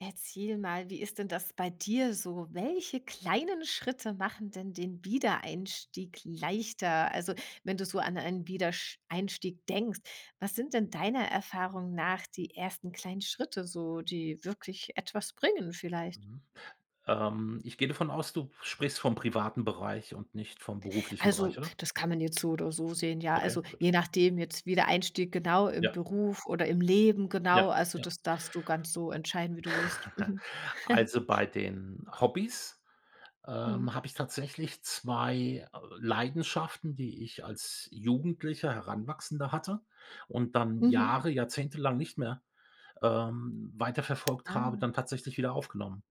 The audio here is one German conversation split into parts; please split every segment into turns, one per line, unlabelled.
Erzähl mal, wie ist denn das bei dir so? Welche kleinen Schritte machen denn den Wiedereinstieg leichter? Also wenn du so an einen Wiedersch einstieg denkst, was sind denn deiner Erfahrung nach die ersten kleinen Schritte so, die wirklich etwas bringen vielleicht?
Mhm. Ähm, ich gehe davon aus, du sprichst vom privaten Bereich und nicht vom beruflichen
Also
Bereich, oder?
das kann man jetzt so oder so sehen, ja. Also,
Okay, gut.
je nachdem jetzt, Wiedereinstieg genau im
Ja.
Beruf oder im Leben
Ja,
genau, also
ja.
das darfst du ganz so entscheiden, wie du willst. Mhm.
Also, bei den Hobbys,
Mhm.
ähm, habe ich tatsächlich 2, äh, Leidenschaften, die ich als Jugendlicher, Heranwachsender hatte und dann
Mhm.
Jahre jahrzehntelang nicht mehr, ähm, weiterverfolgt habe,
Ah.
dann tatsächlich wieder aufgenommen.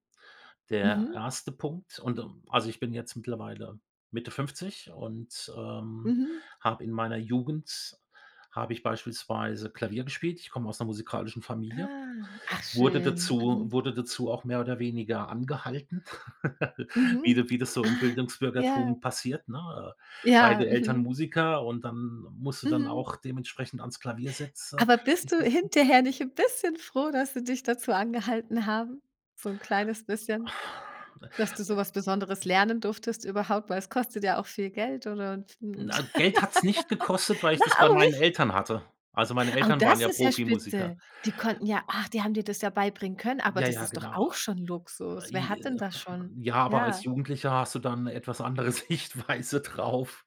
Der
Mhm.
1. Punkt und, äh also ich bin jetzt mittlerweile Mitte 50 und, ähm,
Mhm.
habe in meiner Jugend habe ich beispielsweise Klavier gespielt. Ich komme aus 'ner musikalischen Familie,
Ah, ach
wurde
schön,
dazu
mhm.
wurde dazu auch mehr oder weniger angehalten, wie
Mhm,
du wie das so im
Ah. Ja.
Bildungsbürgertum passiert, ne?
Ja.
Beide Eltern
Mhm.
Musiker und dann musst du dann
Mhm.
auch dementsprechend ans Klavier setze
Aber bist
dich
du
setzen.
hinterher nicht 'n bisschen froh, dass sie dich dazu angehalten haben? So 'n kleines bisschen, dass du so
Äh, äh
was Besonderes lernen durftest überhaupt, weil es kostet ja auch viel Geld ansonsten und
Nei Geld hat's nicht gekostet, weil ich
Na,
das bei
auch
meinen
nicht?
Eltern hatte. Also meine
Au,
Eltern waren
das
ja
ist ja
Profimusiker.
Spitze. Die konnten ja ach, die haben dir das ja beibringen können, aber
Ja,
das
ja,
ist doch
genau.
auch schon Luxus. Wer hat
hm,
denn das
[unintelligible]
schon?
ja, aber als
Ja.
Jugendlicher hast du dann 'ne etwas andere Sichtweise drauf,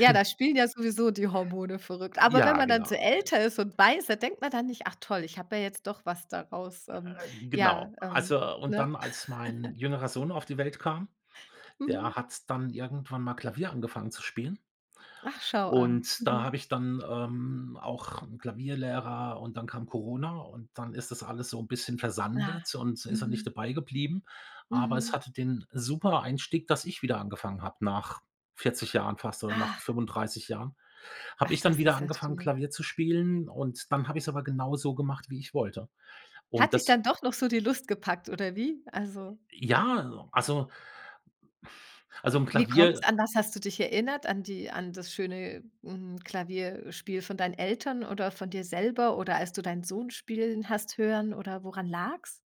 Ja,
denn
da spielen ja sowieso die Hormone verrückt, aber wenn
Ja,
man dann so
genau, ge
älter ist und weiß, da denkt man dann nicht: „Ach toll, ich habe ja jetzt doch was daraus ähm,
Äh,
ja,
genau.
ähm",
Also und
ne?
dann, als mein jüngerer Sohn auf die Welt kam, der
Mhm.
hat dann irgendwann mal Klavier angefangen zu spielen
Ach, schau an.
und da habe
Mhm.
ich dann, ähm, auch Klavierlehrer und dann kam Corona und dann ist das alles so 'n bisschen
Ah,
versandet und da ist er nicht
mhm.
dabei geblieben. Aber es
Mhm.
hatte den super Einstieg, dass ich wieder angefangen habe, nach 40 Jahren fast oder nach
Ach.
35 Jahren, habe
Ach,
ich dann
das
wieder
ist ja
angefangen
schön.
Klavier zu spielen und dann habe ich's aber genauso gemacht, wie ich wollte. Und
Hat dich
das
dann doch noch so die Lust gepackt oder wie? Also
Ja, also also 'n
Wie
Klavier
kommt's? An was hast du dich erinnert? An die an das schöne hm, Klavier äh, Spiel von deinen Eltern oder von dir selber oder als du deinen Sohn spielen hast hören oder woran lag's?